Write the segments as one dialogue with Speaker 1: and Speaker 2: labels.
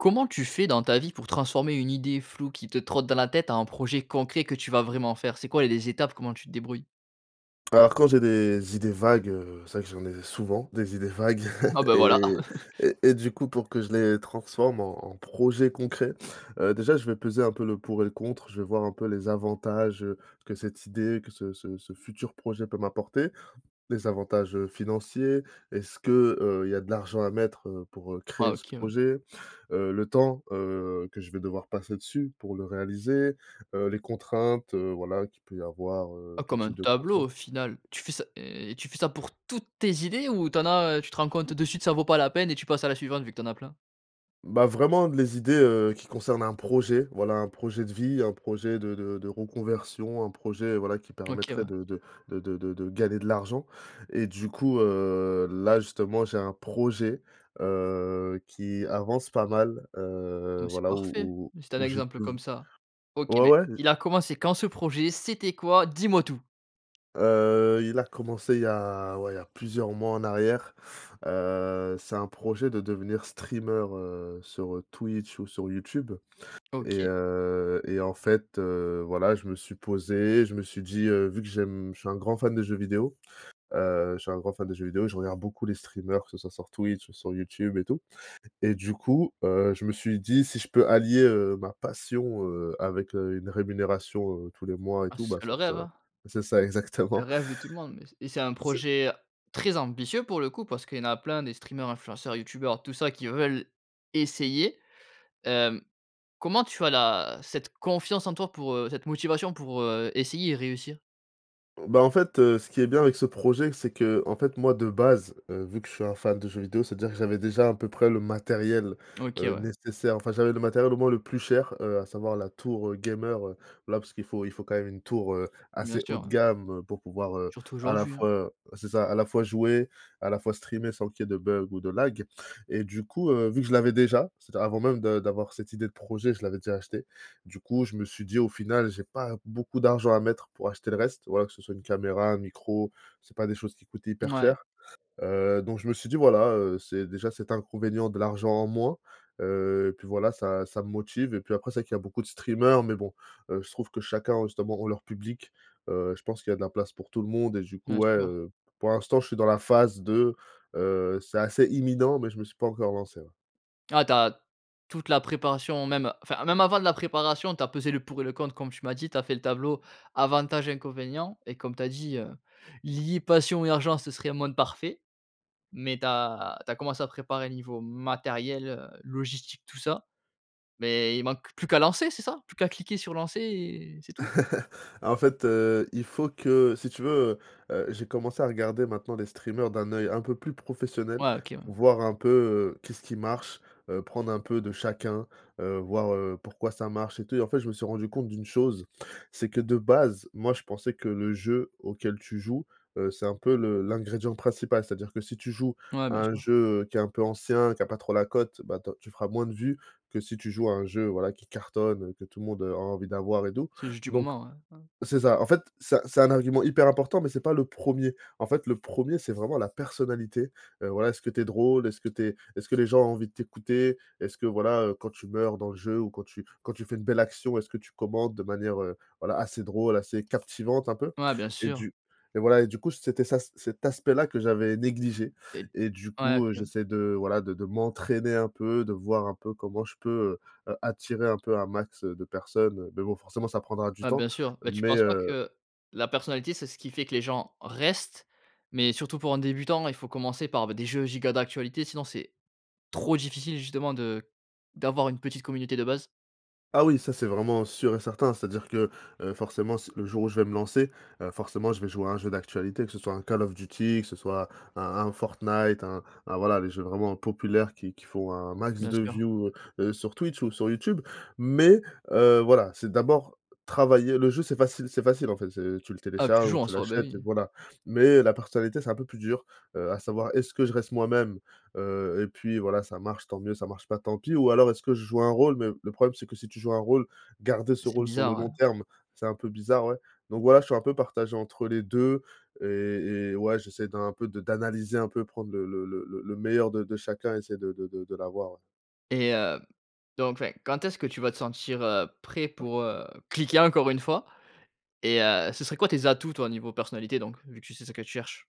Speaker 1: Comment tu fais dans ta vie pour transformer une idée floue qui te trotte dans la tête en un projet concret que tu vas vraiment faire? C'est quoi les étapes? Comment tu te débrouilles?
Speaker 2: Alors, quand j'ai des idées vagues, heu, c'est vrai que j'en ai souvent des idées vagues
Speaker 1: Ah, bah
Speaker 2: et
Speaker 1: voilà.
Speaker 2: et et du coup, pour que je les transforme en en projet concret, heu, déjà, je vais peser un peu le pour et le contre. Je vais voir un peu les avantages, heu, que cette idée que ce ce ce futur projet peut m'apporter. Des avantages, heu, financiers est-ce que, heu, il y a de l'argent à mettre, heu, pour, heu,
Speaker 1: Ah!
Speaker 2: créer ce
Speaker 1: OK, ouais.
Speaker 2: projet? Heu, le temps, heu, que je vais devoir passer dessus pour le réaliser, heu, les contraintes, heu, voilà qui peut y avoir, heu,
Speaker 1: Oh.
Speaker 2: tout
Speaker 1: Comme un
Speaker 2: type de
Speaker 1: tableau
Speaker 2: contraintes.
Speaker 1: au final. Tu fais ça et et tu fais ça pour toutes tes idées ou tu en as, heu, tu te rends compte de suite ça vaut pas la peine et tu passes à la suivante, vu que tu en as plein?
Speaker 2: Bah, vraiment, les idées, heu, qui concernent un projet, voilà, un projet de vie, un projet de de de reconversion. Un projet, voilà, qui
Speaker 1: OK.
Speaker 2: permettrait
Speaker 1: Ouais.
Speaker 2: de de de de de de gagner de l'argent. Et du coup, heu, là justement, j'ai un projet, heu, qui avance pas mal,
Speaker 1: Oh,
Speaker 2: heu,
Speaker 1: mais c'est
Speaker 2: voilà où
Speaker 1: parfait.
Speaker 2: où
Speaker 1: Si tu as un
Speaker 2: où j'ai pu
Speaker 1: exemple comme ça. OK,
Speaker 2: ouais,
Speaker 1: beh,
Speaker 2: ouais, j’ai
Speaker 1: il a commencé quand ce projet? C'était quoi? Dis-moi tout.
Speaker 2: Heu, il a commencé il y a, ouais, il y a plusieurs mois en arrière. Heu, c'est un projet de devenir streameur, heu, sur, heu, Twitch ou sur Youtube. Et,
Speaker 1: OK.
Speaker 2: heu, et en fait, heu, voilà, je me suis posé, je me suis dit: «Heu, vu que j'aime je suis un grand fan de jeux vidéo». Heu, je suis un grand fan de jeux vidéo. Et je regarde beaucoup les streamers que ça soit sur Twitch ou sur YouTube et tout. Et du coup, heu, je me suis dit: «Si je peux allier, heu, ma passion, heu, avec, heu, une rémunération, heu, tous les mois et
Speaker 1: Ah.
Speaker 2: tout,
Speaker 1: Ce
Speaker 2: bah,
Speaker 1: serait
Speaker 2: ça
Speaker 1: le
Speaker 2: ça»
Speaker 1: rêve?
Speaker 2: c'est ça,
Speaker 1: Le
Speaker 2: exactement.
Speaker 1: rêve de tout le monde mais c et c'est un
Speaker 2: C'est
Speaker 1: projet, heu, très ambitieux, pour le coup. Parce qu'il y en a plein des streamers, influenceurs, youtubeurs, tout ça qui veulent essayer. Hem, comment tu as la cette confiance en toi pour, heu cette motivation pour, heu, essayer et réussir?
Speaker 2: Bah, en fait, heu, ce qui est bien avec ce projet, c'est qu'en fait, moi de base, heu, vu que je suis un fan de jeux vidéo. C'est-à-dire que j'avais déjà à peu près le matériel,
Speaker 1: OK,
Speaker 2: heu,
Speaker 1: ouais.
Speaker 2: nécessaire, enfin, j'avais le matériel au moins le plus cher, heu, à savoir la tour, heu, gamer, heu, voilà, parce qu'il faut il faut quand même une tour, heu,
Speaker 1: Bien
Speaker 2: assez haut
Speaker 1: sûr,
Speaker 2: de
Speaker 1: ouais.
Speaker 2: gamme, heu, pour pouvoir, heu,
Speaker 1: Surtout
Speaker 2: à la
Speaker 1: aujourd'hui, hein.
Speaker 2: fois, heu c'est ça à la fois jouer, à la fois streamer, sans qu'il y ait de bugs ou de lag. Et du coup, heu, vu que je l'avais déjà. C'est-à-dire avant même de d'avoir cette idée de projet, je l'avais déjà achetée. Du coup, je me suis dit: «Au final, j'ai pas beaucoup d'argent à mettre pour acheter le reste. Voilà, que ce soit une caméra, un micro, c'est pas des choses qui coûtent hyper
Speaker 1: Mouais.
Speaker 2: cher.» Heu, donc, je me suis dit: «Voilà, heu, c'est déjà cet inconvénient de l'argent en moins.». Heu, et puis voilà ça ça me motive et puis après c'est vrai qu'il y a beaucoup de streamers mais bon. Heu, je trouve que chacun justement ont leur public, heu, je pense qu'il y a de la place pour tout le monde. Et du coup,
Speaker 1: Bien
Speaker 2: ouais,
Speaker 1: sûr.
Speaker 2: heu, pour l'instant, je suis dans la phase de, heu, c'est assez imminent mais je me suis pas encore lancé, ouais.
Speaker 1: Ah, tu as toute la préparation, même enfin même avant la préparation tu as pesé le pour et le contre comme tu m'as dit, tu as fait le tableau avantages inconvénients, et comme tu as dit, heu, lier passion et argent ce serait un monde parfait. Mais tu as tu as commencé à préparer niveau matériel heu, logistique tout ça, mais il manque plus qu'à lancer c'est ça, plus qu'à cliquer sur lancer, et c'est tout?
Speaker 2: En fait, heu, il faut que si tu veux, heu heu, j'ai commencé à regarder maintenant les streamers d'un œil un peu plus professionnel.
Speaker 1: Ouais, OK ouais.
Speaker 2: Voir un peu, heu, qu'est-ce qui marche, heu, prendre un peu de chacun, heu, voir, heu, pourquoi ça marche et tout? Et en fait je me suis rendu compte d'une chose, c'est que de base moi je pensais que le jeu auquel tu joues, heu, c'est un peu le l'ingrédient principal c'est-à-dire que si tu joues
Speaker 1: Ouais,
Speaker 2: à
Speaker 1: bien
Speaker 2: un
Speaker 1: sûr.
Speaker 2: jeu, heu, qui est un peu ancien qui a pas trop la cote, bah, ta tu feras moins de vues que si tu joues à un jeu voilà qui cartonne, heu, que tout le monde, heu, a envie d'avoir et doux.
Speaker 1: C'est juste du
Speaker 2: Donc
Speaker 1: moment, hein, hein?
Speaker 2: c'est ça, en fait c'est un c'est un argument hyper important mais c'est pas le 1er. En fait le 1er c'est vraiment la personnalité, heu, voilà, est-ce que tu es drôle? Est-ce que tu es est-ce que les gens ont envie de t'écouter? Est-ce que voilà, heu, quand tu meurs dans le jeu ou quand tu quand tu fais une belle action est-ce que tu commentes de manière, heu, voilà assez drôle assez captivante un peu?
Speaker 1: Ouais, bien
Speaker 2: Et
Speaker 1: sûr.
Speaker 2: du et voilà, et du coup c'était ça c cet aspect là que j'avais négligé
Speaker 1: Et
Speaker 2: et du
Speaker 1: ouais OK
Speaker 2: coup, heu,
Speaker 1: ouais
Speaker 2: j'essaie de voilà de de m'entraîner un peu, de voir un peu comment je peux, heu, attirer un peu un max, heu, de personnes mais bon forcément ça prendra du
Speaker 1: Bah,
Speaker 2: temps
Speaker 1: bien sûr. Mais tu
Speaker 2: mais,
Speaker 1: penses pas
Speaker 2: heu
Speaker 1: que la personnalité, c'est ce qui fait que les gens restent, mais surtout pour un débutant il faut commencer par b des jeux giga d'actualité, sinon c'est trop difficile justement de d'avoir une petite communauté de base?
Speaker 2: Ah oui, ça c'est vraiment sûr et certain. C'est-à-dire que, heu, forcément s le jour où je vais me lancer, heu, forcément je vais jouer à un jeu d'actualité que ce soit un Call of Duty, que ce soit un un Fortnite un un voilà, les jeux vraiment populaires qui qui font un max
Speaker 1: Bien
Speaker 2: de
Speaker 1: sûr.
Speaker 2: view, heu, sur Twitch ou sur YouTube. Mais, heu, voilà c'est d'abord travailler. Le jeu c'est facile c'est facile en fait, c'est tu le
Speaker 1: Ah, tu
Speaker 2: télécharges ou
Speaker 1: joues, en
Speaker 2: tu
Speaker 1: soi, bah
Speaker 2: l'achètes et
Speaker 1: oui.
Speaker 2: voilà. Mais la personnalité c'est un peu plus dur, heu, à savoir est-ce que je reste moi-même? Heu, et puis voilà ça marche tant mieux ça marche pas tant pis, ou alors est-ce que je joue un rôle? Mais le problème c'est que si tu joues un rôle, garder ce
Speaker 1: C'est
Speaker 2: rôle sur le
Speaker 1: bizarre, ouais.
Speaker 2: long terme c'est un peu bizarre, ouais. Donc voilà, je suis un peu partagé entre les 2 et et ouais, j'essaie d'un peu de d'analyser un peu, prendre le le le le meilleur de de chacun, essayer de de de de l'avoir, ouais.
Speaker 1: Et heu, donc enfin quand est-ce que tu vas te sentir, heu, prêt pour, heu, cliquer encore une fois? Et heu, ce serait quoi tes atouts toi, niveau personnalité donc, vu que tu sais ce que tu cherches?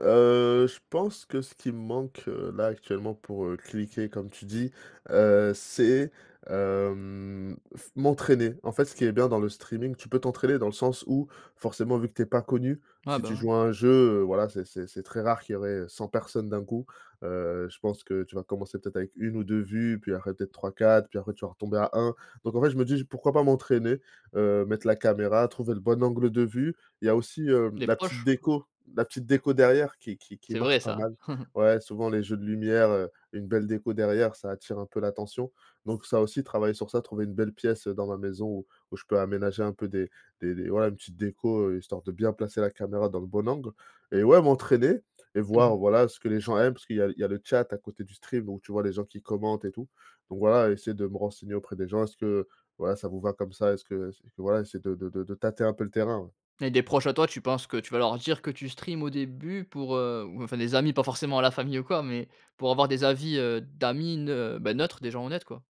Speaker 2: Heu, je pense que ce qui me manque, heu, là actuellement pour, heu, cliquer comme tu dis, heu, c'est hem, f m'entraîner. En fait ce qui est bien dans le streaming tu peux t'entraîner dans le sens où forcément, vu que tu es pas connu,
Speaker 1: Ouais,
Speaker 2: si
Speaker 1: bah,
Speaker 2: tu
Speaker 1: ouais.
Speaker 2: joues à un jeu, heu, voilà c'est c'est c'est très rare qu'il y aurait, heu, 100 personnes d'un coup. Heu, je pense que tu vas commencer peut-être avec 1 ou 2 vues puis après peut être 3-4 puis après tu vas retomber à 1. Donc en fait je me dis: «J pourquoi pas m'entraîner? Heu, mettre la caméra, trouver le bon angle de vue». Il y a aussi, hem,
Speaker 1: Les
Speaker 2: la petite
Speaker 1: proches.
Speaker 2: déco. La petite déco derrière qui qui qui
Speaker 1: C'est
Speaker 2: marche
Speaker 1: vrai
Speaker 2: pas
Speaker 1: ça.
Speaker 2: mal. Ouais souvent les jeux de lumière, heu, une belle déco derrière ça attire un peu l'attention. Donc ça aussi, travailler sur ça, trouver une belle pièce, heu, dans ma maison où où je peux aménager un peu des des des voilà une petite déco, heu, histoire de bien placer la caméra dans le bon angle. Et ouais, m'entraîner et voir voilà, ce que les gens aiment, parce qu'il y a il y a le chat à côté du stream, donc tu vois les gens qui commentent et tout. Donc voilà essayer de me renseigner auprès des gens, est-ce que voilà, ça vous va comme ça? Est-ce que c voilà essayer de de de de tâter un peu le terrain ouais.
Speaker 1: Et des proches à toi, tu penses que tu vas leur dire que tu stream au début pour, heu ou enfin des amis, pas forcément la famille ou quoi mais pour avoir des avis, heu, d'amis neu bah, neutres, des gens honnêtes quoi?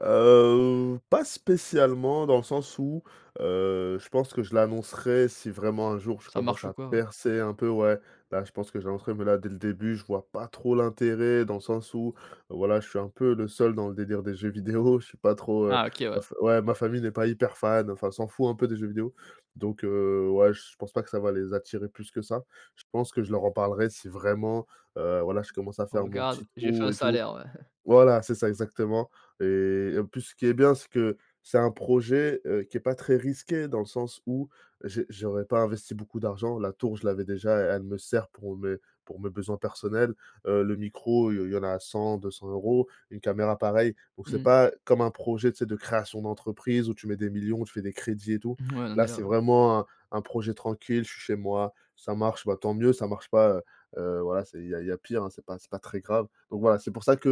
Speaker 2: Heu, pas spécialement dans le sens où heu, je pense que je l'annoncerai si vraiment un jour je
Speaker 1: Ça
Speaker 2: commence
Speaker 1: marche ou
Speaker 2: à
Speaker 1: quoi, ouais.
Speaker 2: percer un peu, ouais. Bah, je pense que j'annoncerais mais là, dès le début je vois pas trop l'intérêt dans le sens où voilà, je suis un peu le seul dans le délire des jeux vidéo je suis pas trop, heu
Speaker 1: Ah, OK
Speaker 2: heu,
Speaker 1: ouais.
Speaker 2: f ouais ma famille n'est pas hyper fan, enfin s'en fout un peu des jeux vidéo. Donc, heu, ouais je pense pas que ça va les attirer plus que ça. Je pense que je leur en parlerai si vraiment, heu, voilà je commence à faire mon
Speaker 1: Regarde,
Speaker 2: petit
Speaker 1: j'ai fait
Speaker 2: trou
Speaker 1: un
Speaker 2: et tout.
Speaker 1: salaire ouais.
Speaker 2: Voilà c'est ça exactement. Et en plus ce qui est bien c'est que c'est un projet, heu, qui est pas très risqué dans le sens où j'ai j'aurais pas investi beaucoup d'argent, la tour je l'avais déjà et elle me sert pour mes pour mes besoins personnels, heu, le micro il y il y en a 100-200 € une caméra pareil. Donc c'est
Speaker 1: Mmh.
Speaker 2: pas comme un projet tu sais? De création d'entreprise où tu mets des millions, où tu fais des crédits et tout.
Speaker 1: Ouais, donc
Speaker 2: Là
Speaker 1: déjà,
Speaker 2: c'est
Speaker 1: ouais.
Speaker 2: vraiment un un projet tranquille je suis chez moi, ça marche, bah, tant mieux ça marche pas, heu heu, voilà, c'est il y a il y a pire, hein, c'est pas c'est pas très grave. Donc voilà, c'est pour ça que,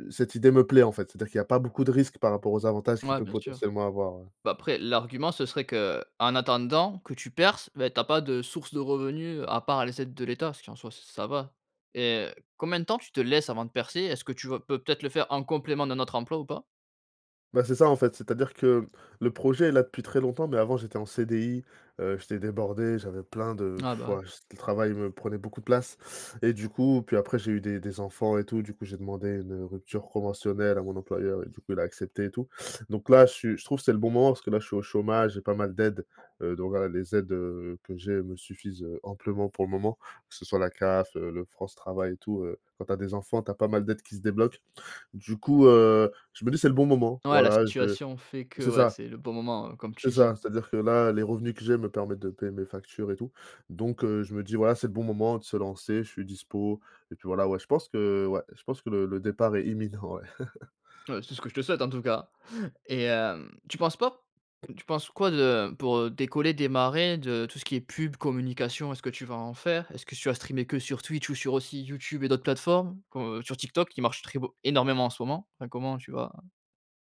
Speaker 2: heu, cette idée me plaît en fait, c'est-à-dire qu'il y a pas beaucoup de risques par rapport aux avantages qu'il
Speaker 1: Ouais
Speaker 2: peut
Speaker 1: bien sûr.
Speaker 2: potentiellement avoir ouais.
Speaker 1: Bah, après l'argument ce serait qu'en attendant que tu perces, bah, tu as pas de source de revenus à part les aides de l'État, ce qui en soit ç ça va. Et heu, combien de temps tu te laisses avant de percer? Est-ce que tu vas peut-être le faire en complément d'un autre emploi ou pas?
Speaker 2: Bah, c'est ça en fait, c'est-à-dire que, hem, le projet est là depuis très longtemps, mais avant j'étais en CDI, heu, j'étais débordé j'avais plein de
Speaker 1: Ah
Speaker 2: pfff
Speaker 1: bah, ouais.
Speaker 2: waouh j le travail me prenait beaucoup de place. Et du coup puis après j'ai eu des des enfants et tout, du coup j'ai demandé une, heu, rupture conventionnelle à mon employeur et du coup il a accepté et tout, donc là je suis je trouve c'est le bon moment parce que là je suis au chômage, j'ai pas mal d'aides. Heu, donc voilà les aides, heu, que j'ai me suffisent heu, amplement pour le moment, que ce soit la CAF, heu, le France Travail et tout, heu, quand tu as des enfants tu as pas mal d'aides qui se débloquent. Du coup, heu, je me dis: «C'est le bon moment»
Speaker 1: Ouais la
Speaker 2: voilà je
Speaker 1: situation fait que,
Speaker 2: c'est
Speaker 1: ouais
Speaker 2: ça.
Speaker 1: c'est le bon moment, heu, comme tu
Speaker 2: C'est ça
Speaker 1: dis.
Speaker 2: c'est à dire que là, les revenus que j'ai me permettent de me payer mes factures et tout. Donc, heu, je me dis voilà, c'est le bon moment de se lancer, je suis dispo et puis voilà, ouais je pense que ouais, je pense que le le départ est imminent ouais.
Speaker 1: Heu, c'est ce que je te souhaite en tout cas. Et hem, tu penses pas tu penses quoi de pour, heu, décoller, démarrer de tout ce qui est pub, communication? Est-ce que tu vas en faire? Est-ce que tu vas streamer que sur Twitch, ou sur aussi YouTube et d'autres plateformes? Comme heu, sur TikTok qui marche très beau énormément en ce moment? Enfin, comment tu vas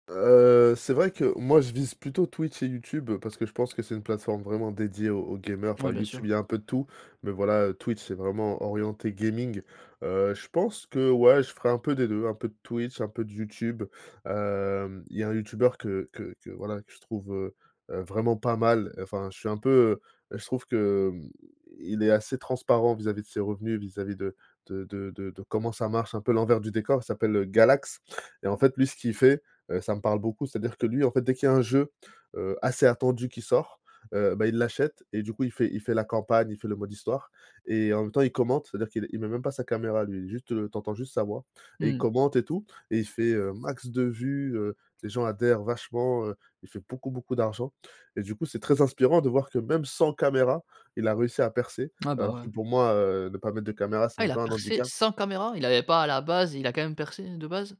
Speaker 2: Heu, c'est vrai que moi je vise plutôt Twitch et YouTube, parce que je pense que c'est une plateforme vraiment dédiée aux aux gamers. Enfin
Speaker 1: Ouais bien
Speaker 2: YouTube
Speaker 1: sûr.
Speaker 2: il y a un peu de tout mais voilà heu, Twitch c'est vraiment orienté gaming. Heu, je pense que ouais, je ferai un peu des 2 un peu de Twitch, un peu de YouTube. Hem, il y a un youtubeur que que que voilà que je trouve, heu heu vraiment pas mal, enfin je suis un peu, heu heu je trouve que, hem, i il est assez transparent vis-à-vis de ses revenus, vis-à-vis de de de de de comment ça marche un peu l'envers du décor. Il s'appelle, heu, Galax, et en fait lui ce qu'il fait, heu, ça me parle beaucoup c'est à dire que lui en fait dès qu'il y a un jeu, heu, assez attendu qui sort, heu, bah, il l'achète et du coup il fait il fait la campagne, il fait le mode histoire. Et en même temps il commente, c'est à dire qu'il il met même pas sa caméra lui, juste, heu, tu entends juste sa voix, et il
Speaker 1: Mmh.
Speaker 2: commente et tout. Et il fait, heu, max de vues, heu, les gens adhèrent vachement, heu, il fait beaucoup beaucoup d'argent. Et du coup c'est très inspirant de voir que même sans caméra il a réussi à percer
Speaker 1: Ah, bah
Speaker 2: alors
Speaker 1: ouais.
Speaker 2: que pour moi, heu, ne pas mettre de caméra c'est
Speaker 1: Ah
Speaker 2: un
Speaker 1: il a
Speaker 2: peu un
Speaker 1: percé
Speaker 2: handicap.
Speaker 1: sans caméra? Il avait pas à la base, et il a quand même percé, heu, de base?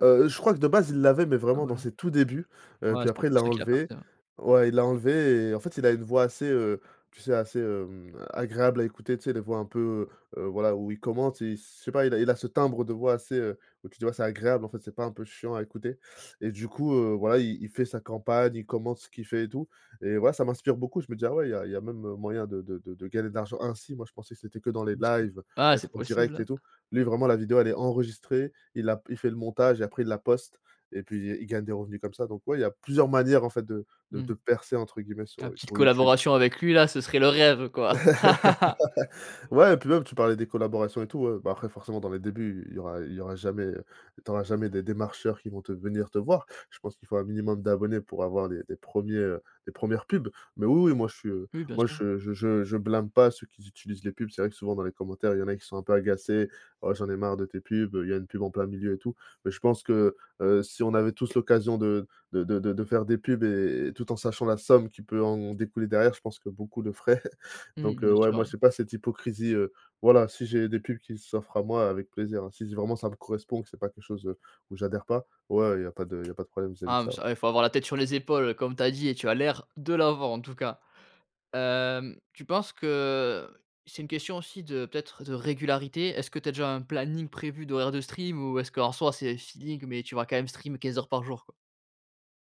Speaker 2: Heu, je crois que de base il l'avait mais
Speaker 1: Ah
Speaker 2: vraiment dans
Speaker 1: voilà.
Speaker 2: ses tout débuts, heu,
Speaker 1: Ouais,
Speaker 2: puis
Speaker 1: c'est pas
Speaker 2: après il
Speaker 1: pour
Speaker 2: l'a
Speaker 1: ça qu'il a
Speaker 2: enlevée.
Speaker 1: percé, ouais.
Speaker 2: Ouais il l'a enlevée, et en fait il a une voix assez, heu, tu sais assez, hem, agréable à écouter tu sais? Les voix un peu, heu, voilà où il commente il s je sais pas, il a il a ce timbre de voix assez, heu, où tu te dis «Bah, c'est agréable» en fait c'est pas un peu chiant à écouter. Et du coup, heu, voilà il il fait sa campagne, il commente ce qu'il fait et tout. Et voilà ça m'inspire beaucoup, je me dis: «Ah ouais, il y a il y a même, heu, moyen de de de de gagner de l'argent ainsi». Moi je pensais que c'était que dans les
Speaker 1: Bien sûr.
Speaker 2: lives,
Speaker 1: Ah
Speaker 2: être
Speaker 1: c'est
Speaker 2: en direct et
Speaker 1: possible.
Speaker 2: tout. Lui vraiment la vidéo elle est enregistrée il a p il fait le montage et après il la poste, et puis il gagne des revenus comme ça. Donc ouais, il y a plusieurs manières en fait de de
Speaker 1: Mmh.
Speaker 2: de percer entre guillemets sur
Speaker 1: Ah,
Speaker 2: heu,
Speaker 1: petite
Speaker 2: sur YouTube.
Speaker 1: collaboration avec lui là, ce serait le rêve quoi.
Speaker 2: Ouais, et puis même tu parlais des collaborations et tout, ouais, bah, après forcément dans les débuts il y aura il y aura jamais, heu, tu auras jamais des démarcheurs qui vont te venir te voir. Je pense qu'il faut un minimum d'abonnés pour avoir des des 1er, heu, les 1re pubs. Mais oui, oui moi je suis, heu,
Speaker 1: Oui bien
Speaker 2: moi
Speaker 1: sûr.
Speaker 2: je je je je blâme pas ceux qui utilisent les pubs. C'est vrai que souvent dans les commentaires il y en a qui sont un peu agacés: «Oh j'en ai marre de tes pubs, heu, il y a une pub en plein milieu et tout». Mais je pense que, heu, si on avait tous l'occasion de de de de de faire des pubs et et tout en sachant la somme qui peut en découler derrière je pense que beaucoup le feraient.
Speaker 1: Mmh,
Speaker 2: Donc heu,
Speaker 1: bien
Speaker 2: ouais
Speaker 1: sûr,
Speaker 2: moi j'ai
Speaker 1: ouais.
Speaker 2: pas cette hypocrisie, heu, voilà si j'ai des pubs qui s'offrent à moi avec plaisir, hein, si s vraiment ça me correspond, que c'est pas quelque chose, heu, où j'adhère pas, ouais il y a pas de il y a pas de problème vis à vis de
Speaker 1: Ah mais
Speaker 2: ça, ouais.
Speaker 1: ça eh il faut avoir la tête sur les épaules comme tu as dit, et tu as l'air de l'avoir en tout cas. Hem, tu penses que heu, c'est une question aussi de peut-être de régularité? Est-ce que tu as déjà un planning prévu d'horaires de stream? Ou est-ce que en soi c'est feeling mais tu vas quand même stream 15:00 par jour, quoi?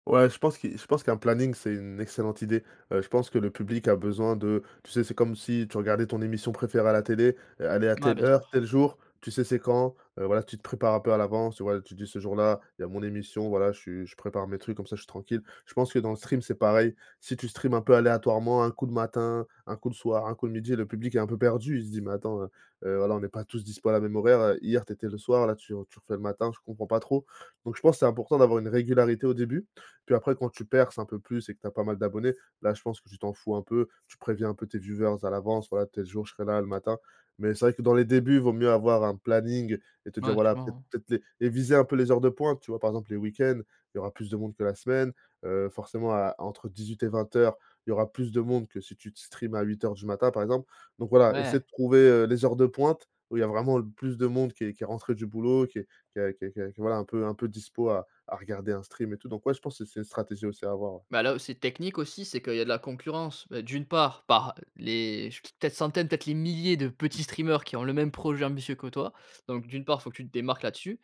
Speaker 2: Ouais, je pense qui je pense qu'un planning, c'est une excellente idée. Heu, je pense que le public a besoin de tu sais? C'est comme si tu regardais ton émission préférée à la télé e elle est à
Speaker 1: Ouais
Speaker 2: telle
Speaker 1: bien
Speaker 2: heure,
Speaker 1: sûr.
Speaker 2: tel jour, tu sais c'est quand, heu, voilà tu te prépares un peu à l'avance, tu voilà, tu dis: «Ce jour-là il y a mon émission, voilà je suis je prépare mes trucs comme ça je suis tranquille». Je pense que dans le stream c'est pareil, si tu stream un peu aléatoirement un coup le matin, un coup le soir, un coup le midi le public est un peu perdu il se dit: «Mais attends, heu heu, voilà on n'est pas tous dispo à la même horaire, heu. Hier tu étais le soir, là tu re tu refais le matin je comprends pas trop». Donc je pense c'est important d'avoir une régularité au début. Puis après quand tu perces un peu plus et que tu as pas mal d'abonnés, là je pense que tu t'en fous un peu. Tu préviens un peu tes viewers à l'avance: «Voilà tel jour je serai là le matin». Mais c'est vrai que dans les débuts vaut mieux avoir un planning et te dire
Speaker 1: Ouais.
Speaker 2: voilà,
Speaker 1: [unintelligible]
Speaker 2: peut-être les les viser un peu les heures de pointe tu vois? Par exemple les week-ends, il y aura plus de monde que la semaine, heu, forcément à entre 18 et 20:00 il y aura plus de monde que si tu te stream à 8:00 du matin par exemple. Donc voilà
Speaker 1: Ouais.
Speaker 2: essayer de trouver, heu, les heures de pointe, où il y a vraiment le plus de monde qui est qui est rentré du boulot qui est qui a qui a qui est voilà, un peu un peu dispo à à regarder un stream et tout. Donc ouais, je pense c'est c'est une stratégie aussi à avoir, ouais.
Speaker 1: Bah, là où c'est technique aussi c'est qu'il y a de la concurrence. Beh, d'une part par les ch peut-être centaines, peut-être les milliers de petits streamers qui ont le même projet ambitieux que toi. Donc, d'une part il faut que tu te démarques là dessus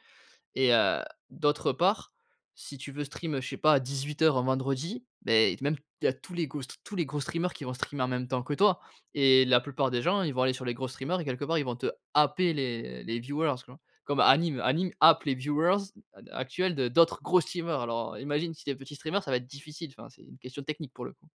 Speaker 1: et heu, d'autre part si tu veux stream, heu, je sais pas 18:00 un vendredi beh, t même il y a tous les gros str tous les gros streamers qui vont streamer en même temps que toi. Et la plupart des gens ils vont aller sur les gros streamers et quelque part ils vont te happer les les viewers tu vois? Comme Anyme. Anyme happe les viewers d ac actuels de d'autres gros streamer alors, heu, imagine si tu es petit streamer ça va être difficile, enfin c'est une question technique pour le coup.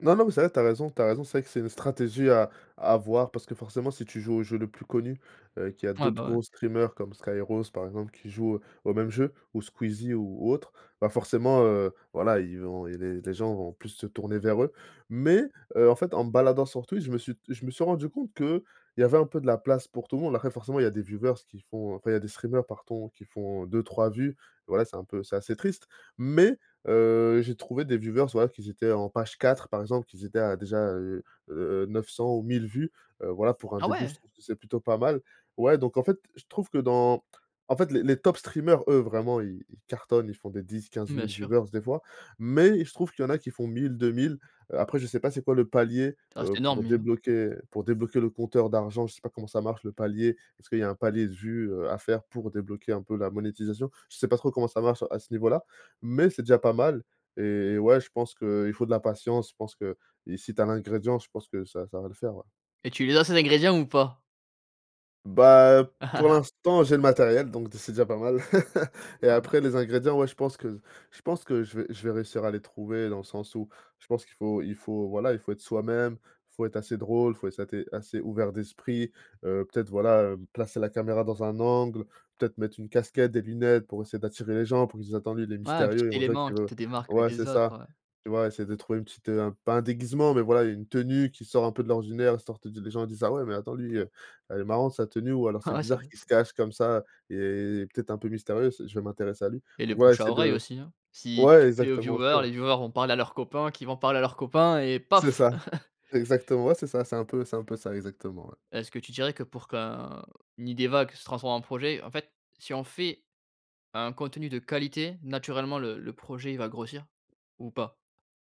Speaker 2: Non non, mais c'est vrai tu as raison, tu as raison. C'est vrai que c'est une stratégie à à avoir parce que forcément si tu joues au jeu le plus connu, heu, qui a
Speaker 1: Ouais,
Speaker 2: d'autres
Speaker 1: bah, ouais.
Speaker 2: gros streamers comme Skyrroz par exemple qui joue au au même jeu ou Squeezie ou ou autre, bah, forcément, heu, voilà ils vont i les les gens vont plus se tourner vers eux. Mais, heu, en fait en me baladant sur Twitch je me suis d je me suis rendu compte qu'il y avait un peu de la place pour tout le monde. Après forcément il y a des viewers qui font enfin il y a des streamer pardon qui font 2-3 vues voilà, c'est un peu c'est assez triste. Mais heu, j'ai trouvé des viewers voilà qu'ils étaient en page 4 par exemple, qu'ils étaient à déjà, heu heu heu, 900 ou 1 000 vues, heu, voilà pour un
Speaker 1: Ah
Speaker 2: début je
Speaker 1: ouais!
Speaker 2: trouve c'est plutôt pas mal. Ouais, donc en fait je trouve que dans en fait les les tops streamers eux vraiment ils ils cartonnent, ils font des dix-quinze
Speaker 1: Mmh, bien
Speaker 2: mille
Speaker 1: sûr.
Speaker 2: viewers des fois, mais il se trouve qu'il y en a qui font 1 000-2 000 heu, après je sais pas c'est quoi le palier,
Speaker 1: Ah,
Speaker 2: heu,
Speaker 1: c'est énorme
Speaker 2: pour
Speaker 1: 1 000.
Speaker 2: débloquer pour débloquer le compteur d'argent, je sais pas comment ça marche le palier, parce qu'il y a un palier de vues, heu, à faire pour débloquer un peu la monétisation. Je sais pas trop comment ça marche à ce niveau-là. Mais c'est déjà pas mal et ouais je pense qu'il faut de la patience je pense qu'i si tu as l'ingrédient je pense que ça ça va le faire ouais.
Speaker 1: Et tu les as ces ingrédients ou pas?
Speaker 2: Bah, pour l'instant j'ai le matériel donc d c'est déjà pas mal et
Speaker 1: Ouais.
Speaker 2: après les ingrédients ouais, je pense que je pense que je vais je vais réussir à les trouver dans le sens où je pense qu'il faut il faut voilà, il faut être soi-même, il faut être assez drôle, il faut être assez assez ouvert d'esprit, heu, peut-être voilà, hem, placer la caméra dans un angle, peut-être mettre une casquette, des lunettes pour essayer d'attirer les gens pour qu'ils se disent «Attend, lui il est
Speaker 1: Ouais, un
Speaker 2: mystérieux»
Speaker 1: petit
Speaker 2: ils vont dire
Speaker 1: élément qui
Speaker 2: que,
Speaker 1: te démarque
Speaker 2: ouais c'est
Speaker 1: des autres,
Speaker 2: ça.
Speaker 1: ouais.
Speaker 2: Tu vois? Essayer de trouver une petite, heu, un pas un déguisement mais voilà une tenue qui sort un peu de l'ordinaire histoire de de les gens disent: «Ah ouais mais attends lui, heu, elle est marrante sa tenue» ou alors: «C'est
Speaker 1: Ouais c'est
Speaker 2: bizarre
Speaker 1: vrai.
Speaker 2: qu'il se cache comme ça, il est il est peut-être un peu mystérieux s je vais m'intéresser à lui».
Speaker 1: Et le
Speaker 2: Donc ouais
Speaker 1: bouche à
Speaker 2: c'est
Speaker 1: oreille
Speaker 2: de
Speaker 1: aussi, hein. Si
Speaker 2: ouais
Speaker 1: tu plais aux
Speaker 2: exactement aussi,
Speaker 1: viewers,
Speaker 2: ouais.
Speaker 1: les viewers vont parler à leurs copains, qui vont parler à leurs copains, et
Speaker 2: C'est
Speaker 1: paf!
Speaker 2: ça. C'est exactement ouais, c'est ça. C'est un peu c'est un peu ça, exactement ouais.
Speaker 1: Est-ce que tu dirais que pour qu'un une idée vague se transforme en projet en fait si on fait un contenu de qualité naturellement le le projet il va grossir, ou pas?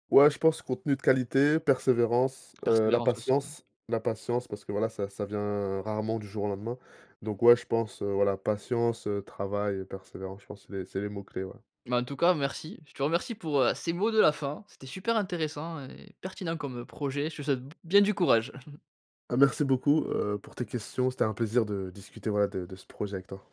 Speaker 2: Ouais je pense contenu de qualité, persévérance, heu, la
Speaker 1: Persévérence aussi ouais.
Speaker 2: patience la patience parce que voilà ça ça vient rarement du jour au lendemain. Donc ouais je pense heu, voilà patience, heu, travail et persévérance, je pense c'est les c'est les mots clés ouais.
Speaker 1: Bah, en tout cas merci. Je te remercie pour, heu, ces mots de la fin, c'était super intéressant et pertinent comme, heu, projet. Je te souhaite b bien du courage!
Speaker 2: Ben, merci beaucoup, heu, pour tes questions. C'était un plaisir de discuter voilà, de de ce projet avec toi.